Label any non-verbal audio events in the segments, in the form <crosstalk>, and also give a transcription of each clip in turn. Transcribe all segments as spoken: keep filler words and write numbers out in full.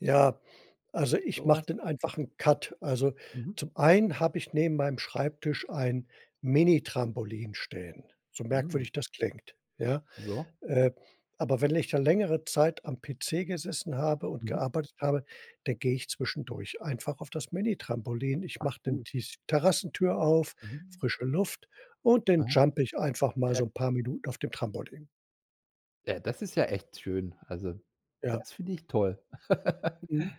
Ja, also So ich mach was dann einfach 'n Cut. Also, Mhm. zum einen habe ich neben meinem Schreibtisch ein Minitrampolin stehen, so Mhm. merkwürdig das klingt, ja? Ja. Äh, aber wenn ich da längere Zeit am PC gesessen habe und Mhm. gearbeitet habe, da gehe ich zwischendurch einfach auf das Minitrampolin. Ich Ach mach dann so. die s Terrassentür auf, Mhm. frische Luft und dann Mhm. jump ich einfach mal Äh so 'n paar Minuten auf dem Trampolin. Ja, das ist ja echt schön, also Ja. das finde ich toll. <laughs> Mhm.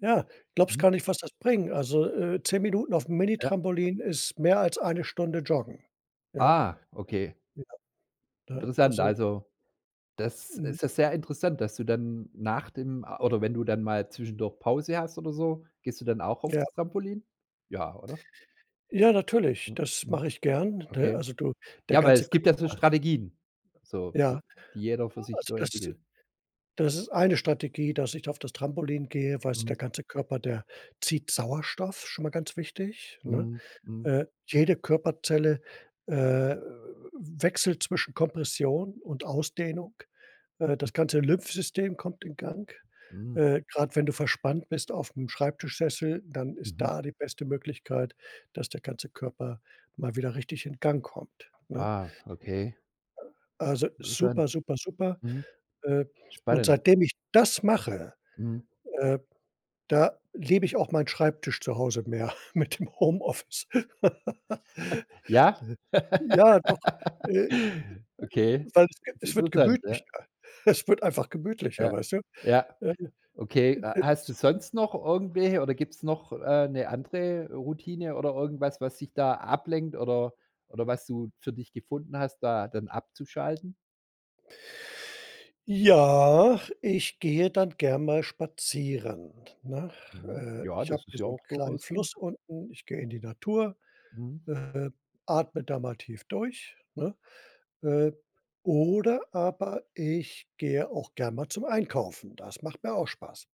Ja, glaubst Mhm. gar nicht, was das bringt. Also, äh, zehn Minuten aufm Ja. Minitrampolin ist mehr als eine Stunde joggen. Ja? Ah, okay. Ja. Ne? Interessant, Also also, das Mhm. ist ja sehr interessant, dass du dann nach dem a oder wenn du dann mal zwischendurch Pause hast oder so, gehst du dann auch auf Ja. das Trampolin? Ja, oder? Ja. Natürlich, das mache ich gern, ne? Okay. Also du, der Ja, weil ganze es gibt ja so Körper Strategien, so, fü Ja, die jeder für sich also so das entwickelt. das ist eine Strategie, dass ich da auf das Trampolin gehe, weil's Mhm. der ganze Körper der zieht Sauerstoff, schon mal ganz wichtig, ne? Mhm. Mhm. Äh, jede Körperzelle, äh, w wechselt zwischen Kompression und Ausdehnung. Äh, das Mhm. ganze Lymphsystem kommt in Gang. Mhm. Äh, grad wenn du verspannt bist aufm Schreibtischsessel, dann ist Mhm. da die beste Möglichkeit, dass der ganze Körper mal wieder richtig in Gang kommt, ne? Ah. Okay. Also, Interessant. super, super, super. Mhm. Äh, und Spannend. seitdem ich das mache, Mhm. äh, da liebe ich auch meinen Schreibtisch zu Hause mehr, mit dem Homeoffice. <laughs> Ne? <chuckles> Ja? Ja, doch, <laughs> äh, Okay, weil es ist es wird interessant, ja. gemütlicher, es wird einfach gemütlicher Ja, weißt du? ja. Okay, h hast <unintelligible> du sonst noch irgendwelche oder gibt es noch, äh, 'ne andere Routine oder irgendwas, was dich da ablenkt oder oder was du für dich gefunden hast, da dann abzuschalten? Ja, ich gehe dann gern mal spazieren, ne? Äh, Ja, ich habe das ist hier ja so 'n auch kleinen durchaus gut. Fluss unten, ich gehe in die Natur, Mhm. äh, atme da mal tief durch, ne? Äh, oder aber ich gehe auch gern mal zum Einkaufen. Das macht mir auch Spaß.